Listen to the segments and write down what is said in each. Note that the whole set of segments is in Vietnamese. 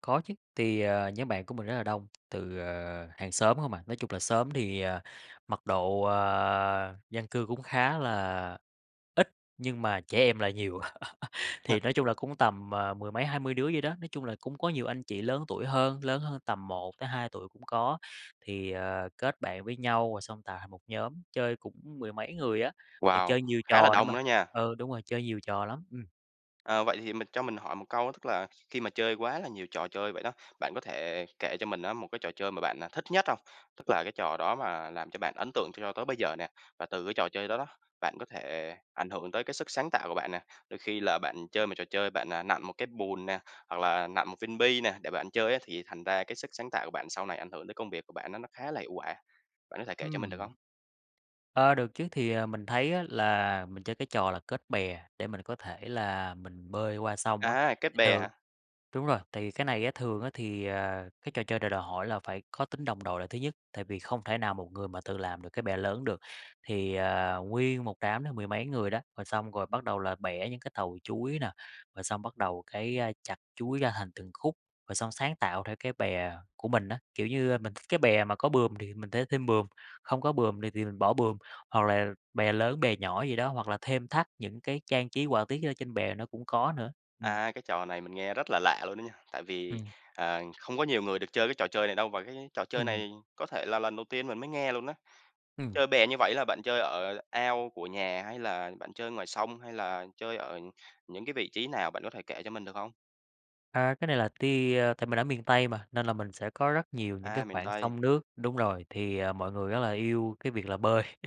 Có chứ, thì, ờ, nhóm bạn của mình rất là đông, từ, ờ, hàng xóm hông à, nói chung là xóm thì, ờ, mật độ, à, dân cư cũng khá là ít, nhưng mà trẻ em là nhiều, thì nói chung là cũng tầm, ờ, mười mấy hai mươi đứa vậy đó. Nói chung là cũng có nhiều anh chị lớn tuổi hơn lớn hơn tầm 1 tới 2 tuổi cũng có, thì, ờ, kết bạn với nhau rồi xong tạo thành một nhóm, chơi cũng mười mấy người á, rồi Wow! chơi nhiều Khá là trò nữa đông mà đó nha. ừ, đúng rồi, chơi nhiều trò lắm, ừm. Ờ, vậy thì mình cho mình hỏi một câu á, tức là khi mà chơi quá là nhiều trò chơi vậy đó, bạn có thể kể cho mình á một cái trò chơi mà bạn, à, thích nhất hông? Tức là cái trò đó mà làm cho bạn ấn tượng cho tới bây giờ nè, và từ cái trò chơi đó đó, bạn có thể ảnh hưởng tới cái sức sáng tạo của bạn nè. Đôi khi là bạn chơi một trò chơi bạn, à, nặn một cái bùn nè, hoặc là nặn một viên bi nè để bạn chơi á, thì thành ra cái sức sáng tạo của bạn sau này ảnh hưởng tới công việc của bạn nó nó khá là hiệu quả, bạn có thể kể cho mình được Ừm. hông? Ơ, được chứ thì, ờ, mình thấy á là mình chơi cái trò là kết bè để mình có thể là mình bơi qua sông á, À, kết thì bè từ hả? đúng rồi, thì cái này á thường á thì, ờ, cái trò chơi này đòi hỏi là phải có tính đồng đội là thứ nhất, tại vì không thể nào một người mà tự làm được cái bè lớn được. Thì, ờ, nguyên một đám đó mười mấy người đó, rồi xong rồi bắt đầu là bẻ những cái tàu chuối nà, rồi xong bắt đầu cái, ơ, chặt chuối ra thành từng khúc, rồi xong sáng tạo theo cái bè của mình á. Kiểu như, ơ, mình thích cái bè mà có buồm thì mình sẽ thêm buồm, không có buồm này thì mình bỏ buồm, hoặc là bè lớn bè nhỏ gì đó, hoặc là thêm thắt những cái trang trí họa tiết gì đó trên bè nó cũng có nữa, ừm. À, cái trò này mình nghe rất là lạ luôn á nha, tại vì, Ừm. ờ không có nhiều người được chơi cái trò chơi này đâu, và cái trò chơi Ừm. này có thể là lần đầu tiên mình mới nghe luôn á. Ừm. Chơi bè như vẩy là bạn chơi ở ao của nhà? Hay là bạn chơi ngoài sông? Hay là chơi ở những cái vị trí nào? Bạn có thể kể cho mình được hông? À, cái này là tia ơ, tại mình ở miền Tây mà, nên là mình sẽ có rất nhiều những A, cái miền khoảng Tây. sông nước đúng rồi, thì, ờ, mọi người rất là yêu cái việc là bơi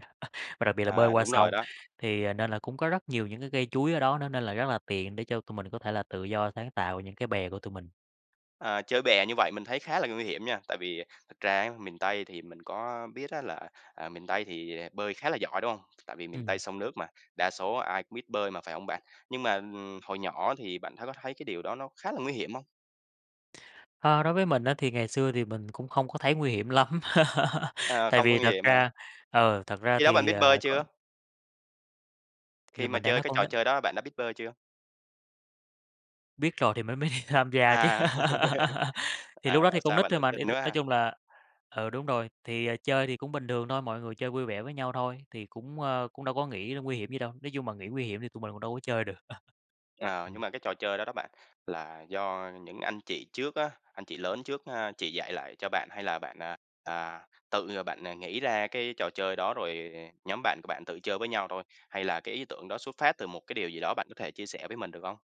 và đặc biệt là bơi À, qua đúng rồi sông. đó. Thì, ờ nên là cũng có rất nhiều những cái cây chuối ở đó nữa, nên là rất là tiện để cho tụi mình có thể là tự do sáng tạo những cái bè của tụi mình. Ờ, chơi bè như vậy mình thấy khá là nguy hiểm nha, tại vì, ờ, thật ra á miền Tây thì mình có biết á là, à, miền Tây thì, ờ, bơi khá là giỏi, đúng hông? Tại vì miền Tây Ừm. sông nước mà, đa số ai cũng biết bơi mà phải hông bạn? Nhưng mà, ừm, hồi nhỏ thì bạn thái có thấy cái điều đó nó khá là nguy hiểm hông? Ơ, đối với mình á, thì ngày xưa thì mình cũng không có thấy nguy hiểm lắm. À, Tại không có vì nguy thật hiểm hả? ra ừ, thật ra Khi đó bạn thì, biết ờ, bơi có chưa? Thì Khi là mà mình đang chơi nói cái con n trò chơi đó, bạn đã biết bơi chưa? Biết rồi thì mới mới đi tham gia chứ. À. Thì lúc À, đó thì bảo con sao nít bạn thôi tự mà, tin để t quá nói ha. chung là ừ, đúng rồi, thì, ờ, chơi thì cũng bình thường thôi, mọi người chơi vui vẻ với nhau thôi. Thì cũng, ơ, cũng đâu có nghĩ ra nguy hiểm gì đâu, nói chung mà nghĩ nguy hiểm thì tụi mình cũng đâu có chơi được. Ờ, nhưng Ừm. mà cái trò chơi đó đó bạn, là do những anh chị trước á anh chị lớn trước ha chỉ dạy lại cho bạn? Hay là bạn, à, à, tự, à, bạn, à, nghĩ ra cái trò chơi đó rồi nhóm bạn của bạn tự chơi với nhau thôi? Hay là cái ý tưởng đó xuất phát từ một cái điều gì đó, bạn có thể chia sẻ với mình được hông?